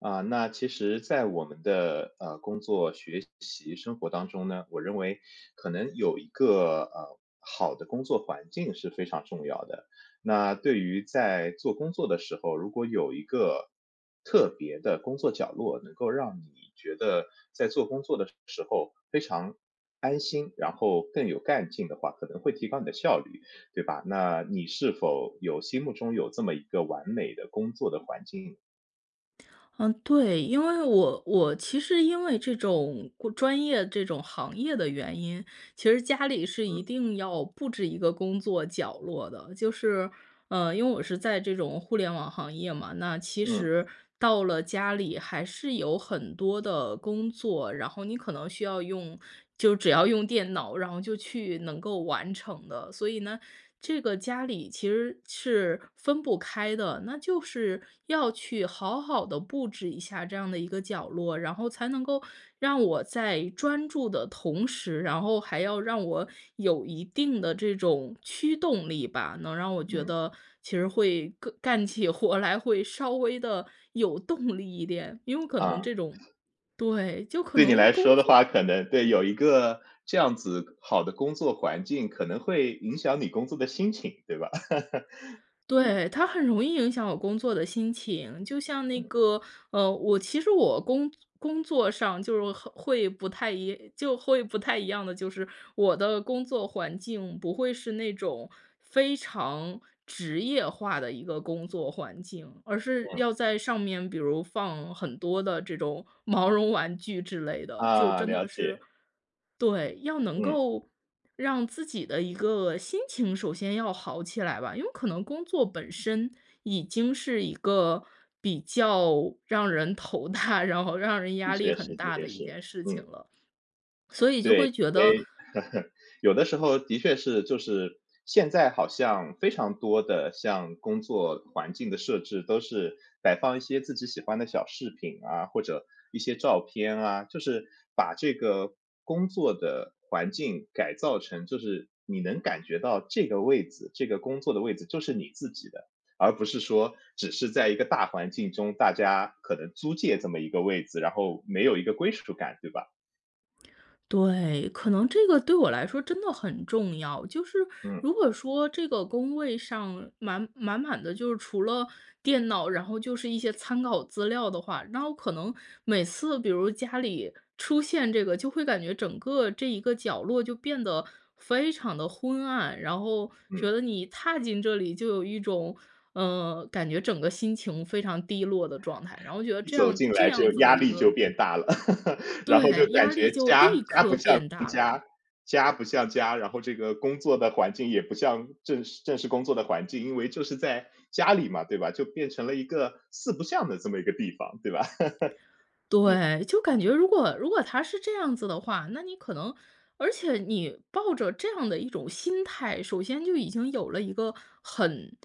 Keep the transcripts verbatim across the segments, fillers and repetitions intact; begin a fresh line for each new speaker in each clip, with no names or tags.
啊，那其实在我们的，呃，工作、学习、生活当中呢，我认为可能有一个，呃，好的工作环境是非常重要的。那对于在做工作的时候，如果有一个特别的工作角落，能够让你觉得在做工作的时候非常安心，然后更有干劲的话，可能会提高你的效率，对吧？那你是否有心目中有这么一个完美的工作的环境？
嗯，对，因为我我其实因为这种专业、这种行业的原因，其实家里是一
嗯。
定要布置一个工作角落的。就是嗯，因为我是在这种互联网行业嘛，那其
嗯。
实到了家里还是有很多的工作，然后你可能需要用就只要用电脑，然后就去能够完成的。所以呢，这个家里其实是分不开的，那就是要去好好地布置一下这样的一个角落，然后才能够让我在专注的同时，然后还要让我有一定的这种驱动力吧，能让我觉
嗯。
得其实会个干起活来，会稍微地有动力一点，因为可能
啊。
这种对，就可
对你
能
来
工
说的话，
作
可能对，有一个这样子好的工作环境，可能会影响你工作的心情，对吧？
对，它很容易影响我工作的心情，就像那
嗯。
个呃，我其实我工工作上就是和会不太一就会不太一样的就是，我的工作环境不会是那种非常职业化的一个工作环境，而是
嗯。
要在上面比如放很多的这种毛绒玩具之类的。就
啊，
真
了
的是
解。
对，要能
嗯。
够让自己的一个心情首先要好起来吧，因为可能工作本身已经是一个比较让人头大，然后让人
的
压力
确是，
很
的
大
确
的一
是，
件事情
嗯。
了，所以就
对，
会觉得
诶，有的时候的确是，就是现在好像非常多的像工作环境的设置都是摆放一些自己喜欢的小饰品啊，或者一些照片啊，就是把这个工作的环境改造成就是你能感觉到这个位子这个工作的位子就是你自己的，而不是说只是在一个大环境中，大家可能租借这么一个位子，然后没有一个归属感，对吧？
对，可能这个对我来说真的很重要，就是
嗯。
如果说这个工位上满满满的，就是除了电脑，然后就是一些参考资料的话，然后可能每次比如家里出现这个，就会感觉整个这一个角落就变得非常的昏暗，然后觉
嗯。
得你踏进这里就有一种嗯，感觉整个心情非常低落的状态。然后觉得
一
这
走
样
进
这
来
样
就
子的
压
一
力就
个
变大了，然后就
对，
感
压力
觉
就
家
立
家不
刻
像是家，
变大了。
家不像家，然后这个工作的环境也不像正式正式工作的环境，因为就是在家里嘛，对吧，就变成了一个四不像的这么一个地方，对吧？嗯。
对，就感觉如果如果它是这样子的话，那你可能而且你抱着这样的一种心态，首先就已经有了一个很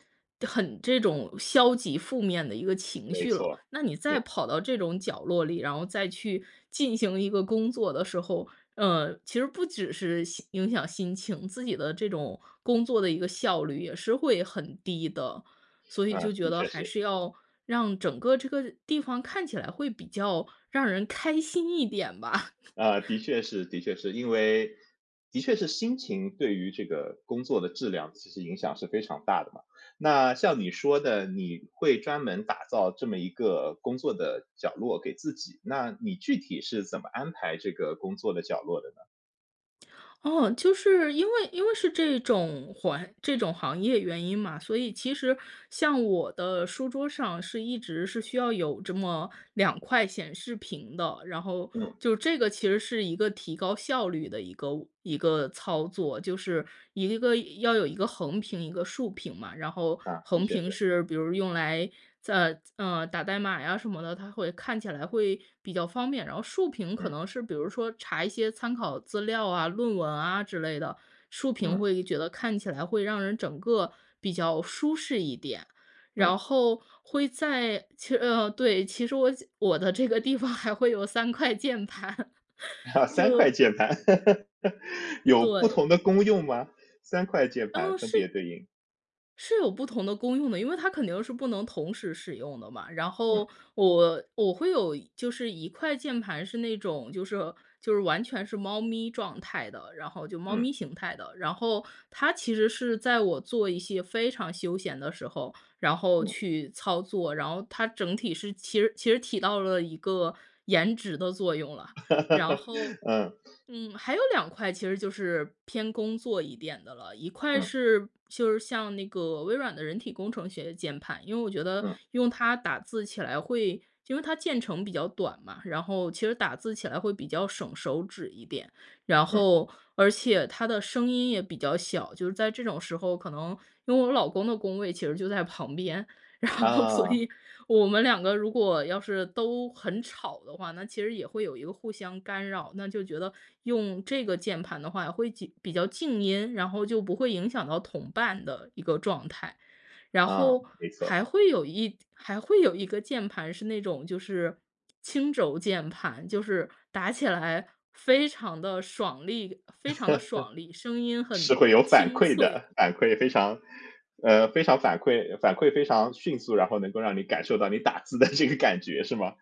很这种消极负面的一个情
没
绪了。
错，
那你
嗯。
再跑到这种角落里，然后再去进行一个工作的时候，呃，其实不只是心影响心情，自己的这种工作的一个效率也是会很低的。所以
嗯，
就
的
觉得
确
还
是。
是要让整个这个地方看起来会比较让人开心一点吧。
啊，的确是，的确是，因为的确是心情对于这个工作的质量其实影响是非常大的嘛。那像你说的，你会专门打造这么一个工作的角落给自己，那你具体是怎么安排这个工作的角落的呢？
哦，就是因为因为是这种环这种行业原因嘛，所以其实像我的书桌上是一直是需要有这么两块显示屏的，然后
嗯。
就这个其实是一个提高效率的一个一个操作。就是一个要有一个横屏一个竖屏嘛，然后
啊，的
横
确
屏
是。
是比如用来在嗯，打代码呀什么的，它会看起来会比较方便。然后竖屏可
嗯。
能是比如说查一些参考资料啊、论文啊之类的，竖屏
嗯。
会觉得看起来会让人整个比较舒适一点。然
嗯。
后会在其嗯，对，其实我我的这个地方还会有三块键盘，
三块
就
键盘。有不
对。
同的功用吗？三块键盘
哦，
分别
是
对应。
是有不同的功用的，因为它肯定是不能同时使用的嘛。然
嗯。
后我我会有就是一块键盘，是那种就是就是完全是猫咪状态的，然后就猫
嗯。
咪形态的。然后它其实是在我做一些非常休闲的时候，然后
嗯。
去操作，然后它整体是其实其实体到了一个颜值的作用了。然后，
嗯。
嗯，还有两块其实就是偏工作一点的了。一块
嗯。
是就是像那个微软的人体工程学的键盘，因为我觉得
嗯。
用它打字起来会因为它键程比较短嘛，然后其实打字起来会比较省手指一点。然
嗯。
后而且它的声音也比较小，就是在这种时候，可能因为我老公的工位其实就在旁边，然后所
啊。
以我们两个如果要是都很吵的话，那其实也会有一个互相干扰。那就觉得用这个键盘的话会几比较静音，然后就不会影响到同伴的一个状态。然
啊，
后
没错。
还会有一还会有一个键盘，是那种就是轻轴键盘，就是打起来非常地爽利，非 常地爽利，声音
是
很
会有反
清
馈
脆。
的，反馈非常呃，非常反馈反馈非常迅速，然后能够让你感受到你打字的这个感觉是吗？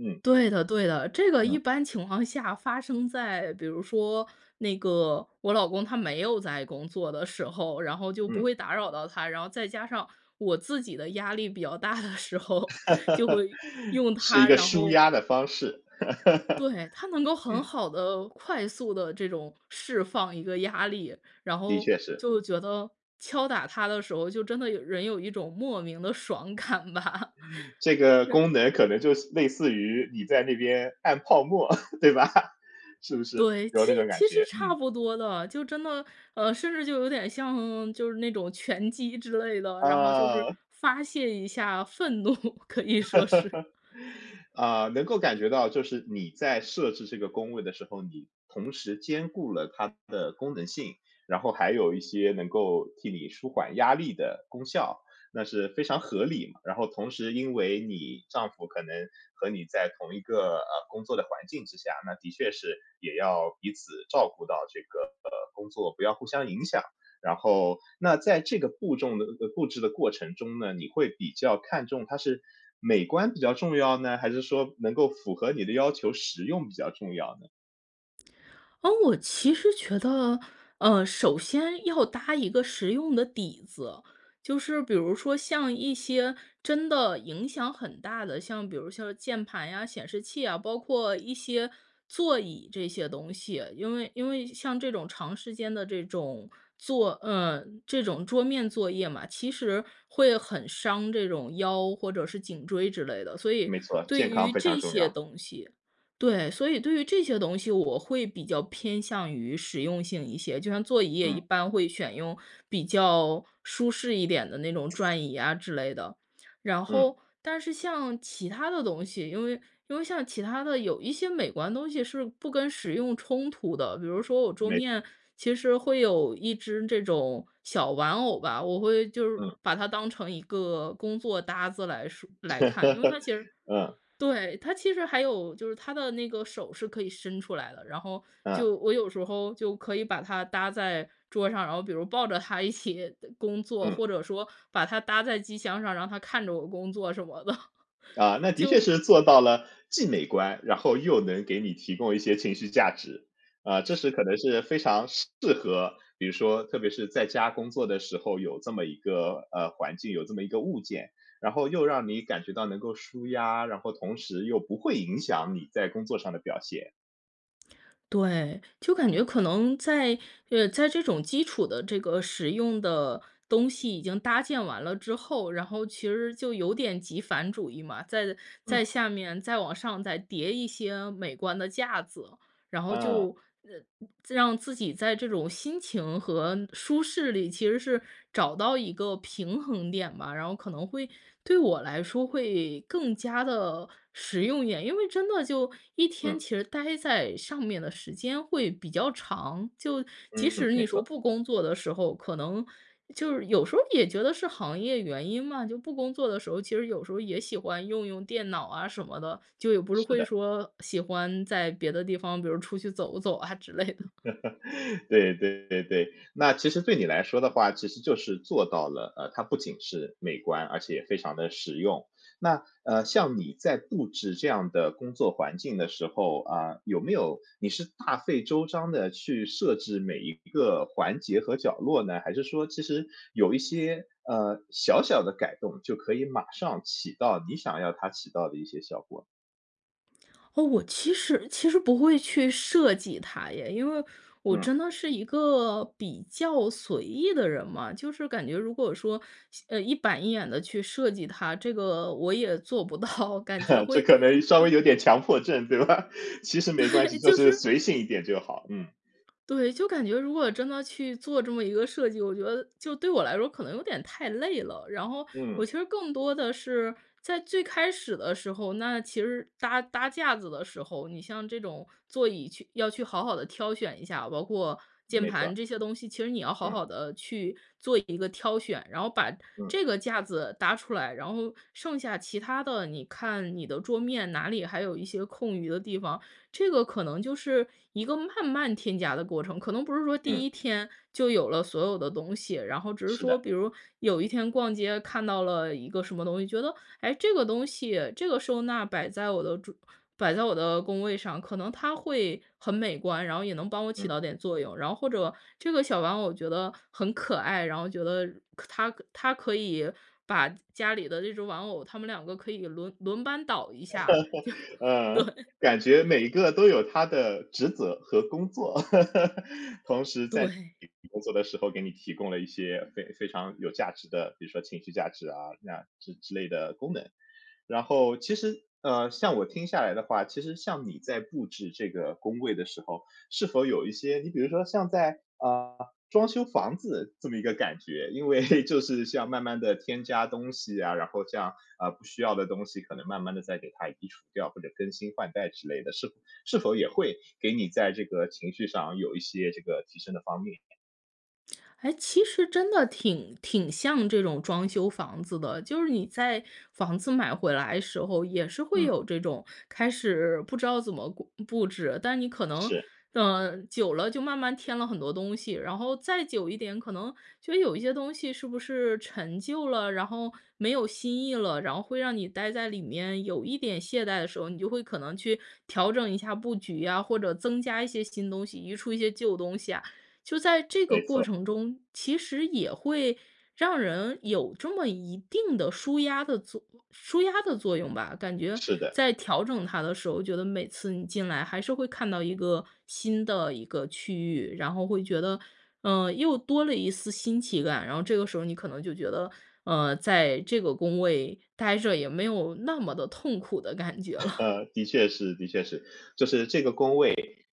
嗯。
对的对的，这个一
嗯。
般情况下发生在比如说，那个我老公他没有在工作的时候，然后就不
嗯。
会打扰到他，然后再加上我自己的压力比较大的时候，就会 用
是
它，
一个
然
舒
后
压的方式。
对，它能够很
嗯。
好地，快速地这种释放一个压力。然
的
后
确是。
就觉得敲打它的时候，就真的人有一种莫名的爽感吧。
这个
然
功能可能就是类似于你在那边按泡沫，对吧？是不是，
对，
有
其实
那种感
其实
觉，
差
嗯。
不多的，就真的，呃，甚至就有点像就是那种拳击之类的，然后就是
嗯。
发泄一下愤怒，可以说是。
啊，能够感觉到就是你在设置这个工位的时候，你同时兼顾了它的功能性，然后还有一些能够替你舒缓压力的功效。那是非常合理嘛，然后同时因为你丈夫可能和你在同一个，呃，工作的环境之下，那的确是，也要彼此照顾到这个，呃，工作，不要互相影响。然后那在这个步重的呃，布置的过程中呢，你会比较看中它是美观比较重要呢？还是说能够符合你的要求实用比较重要呢？
哦，我其实觉得，呃，首先要搭一个实用的底子。就是比如说像一些真的影响很大的，像比如说像键盘呀、显示器啊，包括一些座椅这些东西，因为因为像这种长时间的这种作嗯，这种桌面作业嘛，其实会很伤这种腰，或者是颈椎之类的。所以
没错，
对
健
于
康非常
这
重
些
要。
东西对，所以对于这些东西，我会比较偏向于实用性一些，就像座椅也
嗯。
一般会选用比较舒适一点的那种转椅啊之类的。然
嗯。
后，但是像其他的东西，因为因为像其他的有一些美观东西是不跟实用冲突的，比如说我桌
没
面其实会有一只这种小玩偶吧，我会就是
嗯。
把它当成一个工作搭子来说来看。因为它其实
嗯。
对，它其实还有就是它的那个手是可以伸出来的，然后
嗯。
就我有时候就可以把它搭在桌上，然后比如抱着它一起工作，
嗯。
或者说把它搭在机箱上，让它看着我工作什么的，
啊，那的确
就
是做到了既美观，然后又能给你提供一些情绪价值。啊，这是可能是非常适合，比如说特别是在家工作的时候，有这么一个，呃，环境，有这么一个物件，然后又让你感觉到能够舒压，然后同时又不会影响你在工作上的表现。
对，就感
嗯。
觉可能在呃，在这种基础的这个使用的东西已经搭建完了之后，然后其实就有点极繁主义嘛，在
嗯。
在下面再往上再叠一些美观的架子，然后
嗯。
就，呃，让自己在这种心情和舒适里，其实是找到一个平衡点吧，然后可能会对我来说会更加地实用一点。因为真的就一天
嗯。
其实待在上面的时间会比较长，就即
嗯，
使
没
你说
错。
不工作的时候，可能就是有时候也觉得是行业原因嘛，就不工作的时候，其实有时候也喜欢用用电脑啊什么的，就也不是
是
会
的。
说喜欢在别的地方，比如出去走走啊之类的。
对，对，对，对，那其实对你来说的话其实就是做到了，呃，它不仅是美观，而且非常的实用。那，呃，像你在布置这样的工作环境的时候，呃，有没有你是大费周章地去设置每一个环节和角落呢？还是说其实有一些，呃，小小的改动，就可以马上起到你想要它起到的一些效果？
哦，我其实其实不会去设计它耶。因为我
嗯。
真的是一个比较随意的人嘛。就是感觉如果说，呃，一板一眼地去设计它，这个我也做不到。感觉
这
会
可能稍
会
微有点强迫症，对吧？其实没关
对，
系，就
就
是
是
随性一点就好，嗯。
对，就感觉如果真的去做这么一个设计，我觉得就对我来说可能有点太累了。然后我
嗯。
其实更多的是，在最开始的时候，那其实搭搭架子的时候，你像这种座椅去要去好好地挑选一下，包括键
没错。
盘这些东西，其实你要好
嗯。
好地去做一个挑选，然后把
嗯。
这个架子搭出来。然后剩下其他的，你看你的桌面哪里还有一些空余的地方，这个可能就是一个慢慢添加的过程。可能不是说第
嗯。
一天就有了所有的东西，然后只是
是
说
的。
比如，有一天逛街看到了一个什么东西，觉得，哎，这个东西，这个收纳摆在我的桌摆在我的工位上，可能它会很美观，然后也能帮我起
嗯。
到点作用。然后或者这个小玩偶觉得很可爱，然后觉得它它可以把家里的这只玩偶，它们两个可以轮轮班倒一下，就，
嗯，
对。
感觉每个都有它的职责和工作。同时在你
对。
工作的时候给你提供了一些非非常有价值的，比如说情绪价值啊，那之之类的功能。然后其实，呃，像我听下来的话，其实像你在布置这个工位的时候，是否有一些你比如说像在，呃，装修房子这么一个感觉，因为 就是像慢慢地添加东西啊，然后像，呃，不需要的东西可能慢慢地再给它移除掉，或者更新换代之类的。是是否也会给你在这个情绪上有一些这个提升的方面？
哎，其实真的挺挺像这种装修房子的。就是你在房子买回来时候也是会
嗯。
有这种开始不知道怎么顾布置，但是你可能，
是。
呃，久了就慢慢添了很多东西，然后再久一点可能就有一些东西是不是陈旧了，然后没有新意了，然后会让你待在里面有一点懈怠的时候，你就会可能去调整一下布局啊，或者增加一些新东西，移出一些旧东西啊。就在这个
没
过
错。
程中，其实也会让人有这么一定的舒压的作舒压的作用吧。感觉
是的。
在调整它的时候，觉得每次你进来还是会看到一个新的一个区域，然后会觉得，嗯，又多了一丝新奇感，然后这个时候你可能就觉得，嗯，在这个工位呆着也没有那么的痛苦的感觉了。
的确是的确是。就是这个工位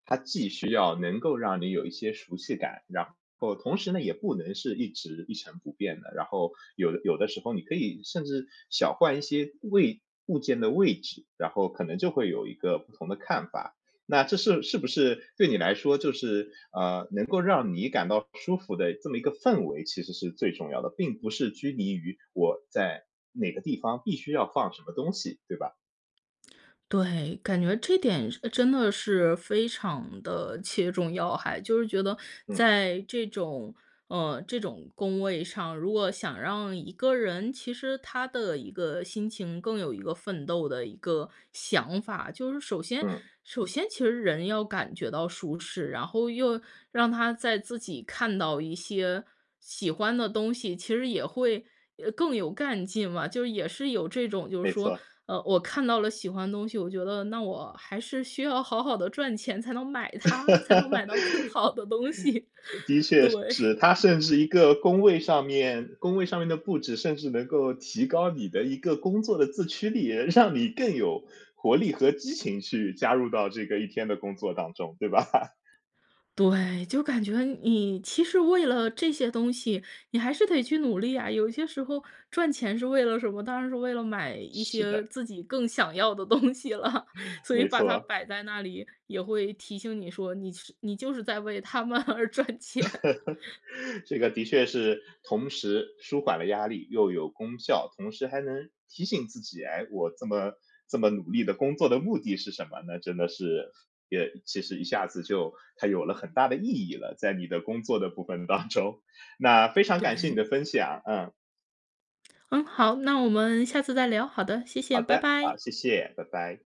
它既需要能够让你有一些熟悉感，然后同时呢也不能是一直一尘不变的。然后有的有的时候你可以甚至小换一些位物件的位置，然后可能就会有一个不同的看法。那这是是不是对你来说就是，呃，能够让你感到舒服的这么一个氛围，其实是最重要的，并不是拘泥于我在哪个地方必须要放什么东西，对吧？
对，感觉这点真的是非常地切中要害，就是觉得
嗯。
在这种呃，这种工位上，如果想让一个人其实他的一个心情更有一个奋斗的一个想法。就是首先
嗯。
首先其实人要感觉到舒适，然后又让他再自己看到一些喜欢的东西，其实也会，呃，更有干劲嘛。就也是有这种就是
没错
说，
儿。
呃，我看到了喜欢的东西，我觉得，那我还是需要好好地赚钱才能买它，才能买 到更好的东西，
的确是，
对。
他甚至一个工位上面工位上面的布置，甚至能够提高你的一个工作的自驱力，让你更有活力和激情去加入到这个一天的工作当中，对吧？
对，就感觉你其实为了这些东西，你还是得去努力呀，有一些时候赚钱是为了什么？当然是为了买一
是
些
的。
自己更想要的东西了，所以
没
把
错
它
啊。
摆在那里，也会提醒你说，你是你就是在为它们而赚钱。
这个的确是同时舒缓了压力，又有功效，同时还能提醒自己，诶，我这么这么努力的工作的目的是什么，那真的是也其实一下子就它有了很大的意义了，在你的工作的部分当中。那非常感谢你的
对。
分享，嗯。
嗯，好，那我们下次再聊，好的，谢
好
谢，拜
的，好，
拜。
谢谢，拜拜。